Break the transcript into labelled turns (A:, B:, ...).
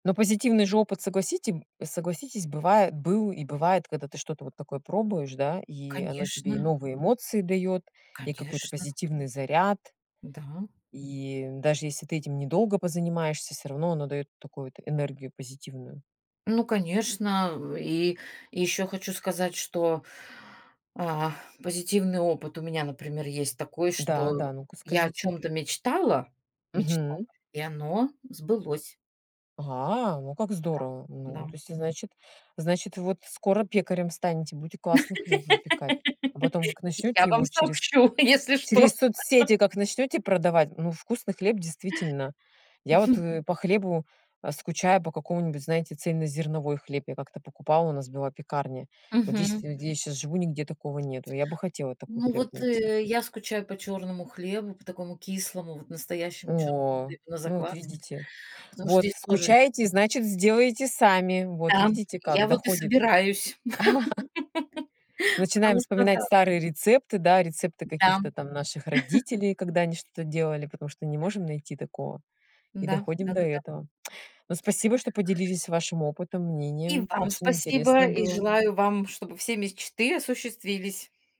A: Ну позитивный же опыт, согласите согласитесь бывает был и бывает, когда ты что-то вот такое пробуешь да, и оно тебе и
B: Конечно.
A: новые эмоции даёт, и какой-то
B: Конечно.
A: позитивный заряд.
B: Да.
A: И даже если ты этим недолго позанимаешься, всё равно оно даёт такую т энергию позитивную.
B: Ну конечно. М, и еще хочу сказать, что, а, позитивный опыт у меня, например, есть такой,
A: Да,
B: что
A: да, ну-ка
B: я о
A: скажите.
B: чем-то мечтала мечтала
A: Мгм.
B: и оно сбылось.
A: Ага, ну как
B: Да,
A: здорово.
B: да,
A: Ну,
B: м.
A: то есть, значит значит, вот скоро пекарем станете, будете классный хлеб выпекать. А потом как
B: Я
A: начнёте
B: вам
A: его через
B: сообщу, если что.
A: через соцсети, как начнёте продавать. Ну вкусный хлеб действительно. Я вот, э, по хлебу, а, скучаю по какому-нибудь, знаете, цельнозерновой хлеб. Я как-то покупала, у нас была пекарня. Вот здесь
B: Мгм.
A: где я щас живу, нигде такого нету. Я бы хотела такой
B: Ну
A: хлеб
B: вот,
A: найти.
B: э, я скучаю по чёрному хлебу, по такому кислому, вот настоящему чёрному
A: О,
B: хлебу на
A: ну вот
B: закваске,
A: видите.
B: потому что
A: Вот
B: здесь тоже нет.
A: скучаете, значит сделаете сами. Вот
B: Да.
A: видите, как
B: Я вот и
A: доходит.
B: собираюсь,
A: Начинаем
B: потому что,
A: вспоминать
B: да.
A: старые рецепты, да, рецепты
B: Да,
A: каких-то
B: м.
A: там наших родителей, когда они что-то делали, потому что не можем найти такого. И
B: М-да,
A: доходим до
B: да-да-да.
A: этого. Ну спасибо, что поделились вашим опытом,
B: И
A: мнением.
B: вам
A: Очень
B: спасибо,
A: интересно
B: и
A: было.
B: желаю вам, чтобы все мечты осуществились.